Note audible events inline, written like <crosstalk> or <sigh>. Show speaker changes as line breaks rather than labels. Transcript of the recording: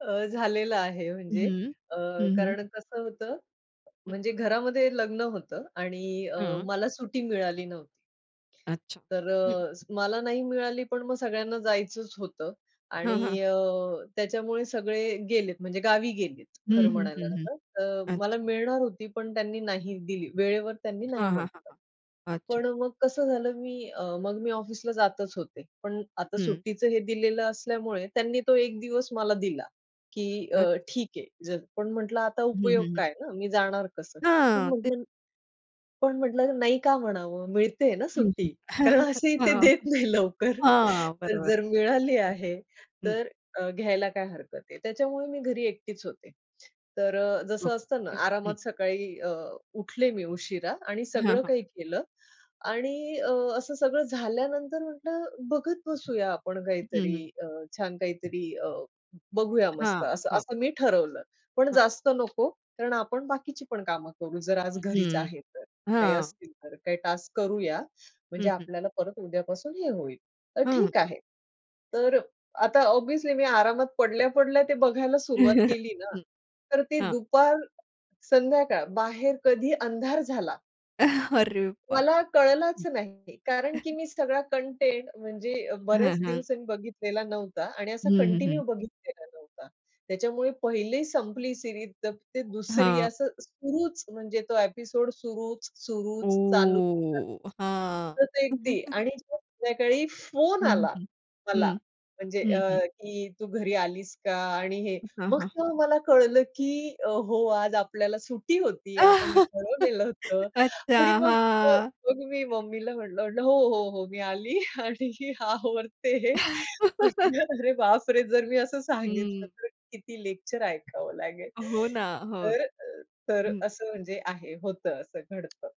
अ, झालेलं आहे म्हणजे
हं,
अ,
हं, हं.
कारण कसं होतं,
हं.
म्हणजे घरामध्ये लग्न होतं आणि अ
हं.
मला सुट्टी मिळाली नव्हती.
अच्छा.
तर
हं.
अ, मला नाही मिळाली, पण मग सगळ्यांना जायचंच होतं
हं, हं.
आणि अ, त्याच्यामुळे सगळे गेलेत म्हणजे गावी गेलीत.
हं,
खरं
हं, हं,
म्हणायला
हं.
तर मला
अच्छा.
मिळणार होती, पण त्यांनी नाही दिली, वेळेवर त्यांनी नाही
हां, हां, हां,
म्हटलं.
हां. अच्छा.
पण मग कसं झालं मी अ, मग मी ऑफिसला जातच होते. पण आता
हं.
सुट्टीचं हे दिलेलं असल्यामुळे त्यांनी तो 1 दिवस मला दिला की अ,
अच्छा.
ठीक आहे, जा पण म्हटलं आता
हं, हं,
उपयोग
हं.
काय ना. मी जाणार कसं. पण
हां. ते
मग पण म्हटलं नाही का म्हणावं. मिळते ना
हं,
सुट्टी
हं,
कारण असेही ते देत नाही
<chuckles>
लवकर.
हां
तर
बरोबर
जर मिळाली आहे
आहे. हं.
तर अ, घ्यायला काय हरकत आहे. त्याच्यामुळे मी घरी एकटीच होते. तर अ, जसं असतं ना
<unintelligible>
आरामात सकाळी अ, उठले मी उशिरा आणि
हां,
सगळं
हां.
काही केलं. आणि अ, असं सगळं झाल्यानंतर म्हटलं बघत बसूया आपण
हं,
काहीतरी
हं.
अ, छान काहीतरी अ, बघूया
हां,
मस्त असं
हां.
असं मी ठरवलं. पण
हां.
जास्त नको, कारण आपण बाकीची पण कामं करू. जर आज घरीच
हं,
आहे तर काही
हां.
असतील, तर काही टास्क करूया.
हं,
म्हणजे
हं.
आपल्याला परत उद्यापासून हे होईल. तर
हं.
ठीक आहे. तर आता ऑब्व्हियसली मी आरामात पडल्या-पडल्या ते बघायला सुरुवात
<chuckles>
केली ना,
हं.
तर ती
हां.
दुपार संध्याकाळ बाहेर कधी अंधार झाला.
<chuckles> अरे बा
मला कळलाच नाही कारण की
<unintelligible> <chuckles>
मी सगळा कंटेंट म्हणजे बऱ्याच
हं, हं.
दिवसांनी बघितलेला नव्हता आणि
हं,
असा
हं,
कंटिन्यू
हं.
बघितलेला नव्हता. त्याच्यामुळे पहिली संपली सीरीज तर ते दुसरी
हां.
असं सुरूच म्हणजे तो ॲपिसोड सुरूच, सुरूच चालू. <unintelligible>
ओ हां.
तर अगदी
<chuckles>
आणि संध्याकाळी फोन
हं,
आला
हं, हं,
मला म्हणजे
हं,
अ,
हं.
की तू घरी आलीस का? आणि हे
हां,
मग
हां.
तेव्हा मला कळलं की अ, हो आज आपल्याला सुट्टी होती. आपण
<laughs>
ठरवलेलं होतं
अच्छा.
आणि मग
हां.
मी मम्मीला म्हटलं म्हटलं हो, हो, हो मी आली आणि आता
<laughs>
म्हटलं अरे, बापरे! जर मी असं सांगितलं
हं.
तर किती लेक्चर ऐकावं लागेल.
हो ना. हो.
तर तर
हं.
असं म्हणजे आहे होतं असं घडतं.